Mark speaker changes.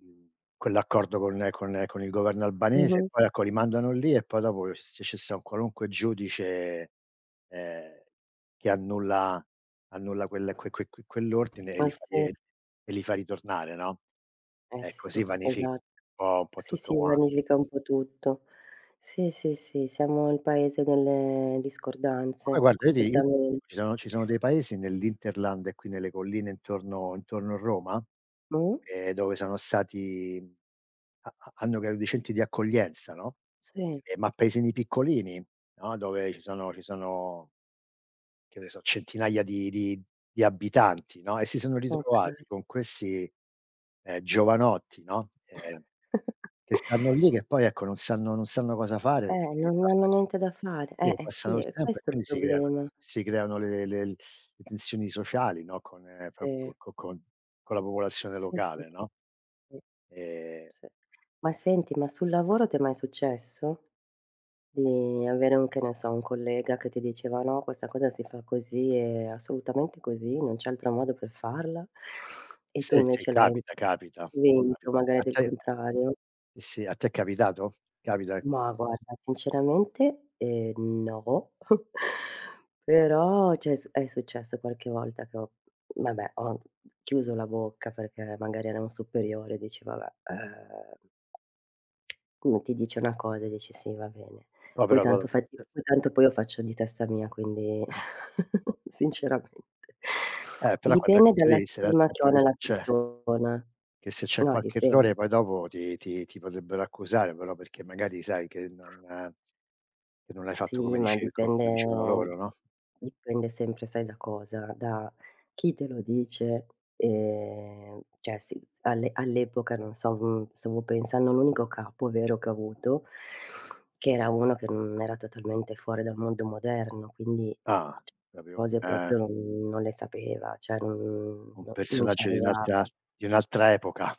Speaker 1: [unintelligible] Quell'accordo con con con il governo albanese,
Speaker 2: Mh-mh.
Speaker 1: poi ecco, li mandano lì e poi dopo s s ci sta un qualunque giudice, ehm, che annulla annulla quel que que que quell'ordine e
Speaker 2: Ah,
Speaker 1: li fa
Speaker 2: sì.
Speaker 1: e e li fa ritornare, no.
Speaker 2: Eh
Speaker 1: Eh,
Speaker 2: sì.
Speaker 1: così vanifi un
Speaker 2: Esat
Speaker 1: po' un po'
Speaker 2: Sì,
Speaker 1: tutto
Speaker 2: si
Speaker 1: quanto.
Speaker 2: vanifica un po' tutto. Sì, sì, sì, siamo il paese delle
Speaker 1: Poi
Speaker 2: discordanze,
Speaker 1: guarda, io ti di
Speaker 2: completamen
Speaker 1: ci sono ci sono dei paesi nell'hinterland e qui nelle colline intorno intorno Roma,
Speaker 2: Mh?
Speaker 1: ehm, dove sono stati ha ha hanno grandi centri di accoglienza, no.
Speaker 2: Sì.
Speaker 1: Eh, ma paesini piccolini, no, dove ci sono ci sono, che ne so, centinaia di di di abitanti, no, e si sono ritrovati
Speaker 2: Okay.
Speaker 1: con questi, ehm, giovanotti, no, ehm, che stanno lì, che poi ecco non sanno non sanno cosa fare,
Speaker 2: Eh,
Speaker 1: perché,
Speaker 2: non hanno
Speaker 1: [unintelligible]
Speaker 2: niente da fare. Eh,
Speaker 1: si
Speaker 2: e sì,
Speaker 1: passano il
Speaker 2: è
Speaker 1: tempo e
Speaker 2: questo il
Speaker 1: quindi si creano
Speaker 2: problema.
Speaker 1: si creano le le le tensioni sociali, no, con proprio
Speaker 2: Sì
Speaker 1: con con con la popolazione
Speaker 2: Sì, sì,
Speaker 1: locale,
Speaker 2: sì.
Speaker 1: no,
Speaker 2: Sì.
Speaker 1: ehm
Speaker 2: Sì. Ma senti, ma sul lavoro ti è mai successo? Di avere, che ne so, un collega che ti diceva: “No, questa cosa si fa così, è assolutamente così, non c'è altro modo per farla”, e tu
Speaker 1: Sì, sì.
Speaker 2: invece l'hai
Speaker 1: Capita, capita,
Speaker 2: vinto
Speaker 1: capita, a
Speaker 2: magari il
Speaker 1: te?
Speaker 2: contrario?
Speaker 1: Sì, a te è capitato? Capita?
Speaker 2: Ma guarda, sinceramente, ehm, no. Però cioè s è successo qualche volta che ho vabbè, ho chiuso la bocca perché magari era un superiore e dici: “Vabbè, eh”. Uno ti dice una cosa e dici: “Sì, va bene.” Poi tanto fai t poi
Speaker 1: [unintelligible]
Speaker 2: tanto lo faccio di testa mia, quindi
Speaker 1: Eh.
Speaker 2: sinceramente,
Speaker 1: Eh, però quand'è
Speaker 2: dipende
Speaker 1: così
Speaker 2: dalla
Speaker 1: devi stare
Speaker 2: stima che ho
Speaker 1: attenta che
Speaker 2: nella
Speaker 1: c'è
Speaker 2: persona.
Speaker 1: che se c'è
Speaker 2: No,
Speaker 1: qualche
Speaker 2: dipende.
Speaker 1: errore poi dopo ti ti ti potrebbero accusare però, perché magari sai che non che non l'hai fatto
Speaker 2: Sì,
Speaker 1: come
Speaker 2: ma
Speaker 1: dice come dicevano
Speaker 2: dipende
Speaker 1: loro, no?
Speaker 2: dipende sempre sai da cosa? Da chi te lo dice e cioè sì, all'e all'epoca, non so, stavo pensando a un unico capo vero che ho avuto, che era uno che era totalmente fuori dal mondo moderno, quindi
Speaker 1: Ah! La prima v
Speaker 2: cose
Speaker 1: eh.
Speaker 2: proprio non non le sapeva, cioè non
Speaker 1: Un
Speaker 2: non ci
Speaker 1: personaggio di un'altra
Speaker 2: arrivava.
Speaker 1: di un'altra epoca.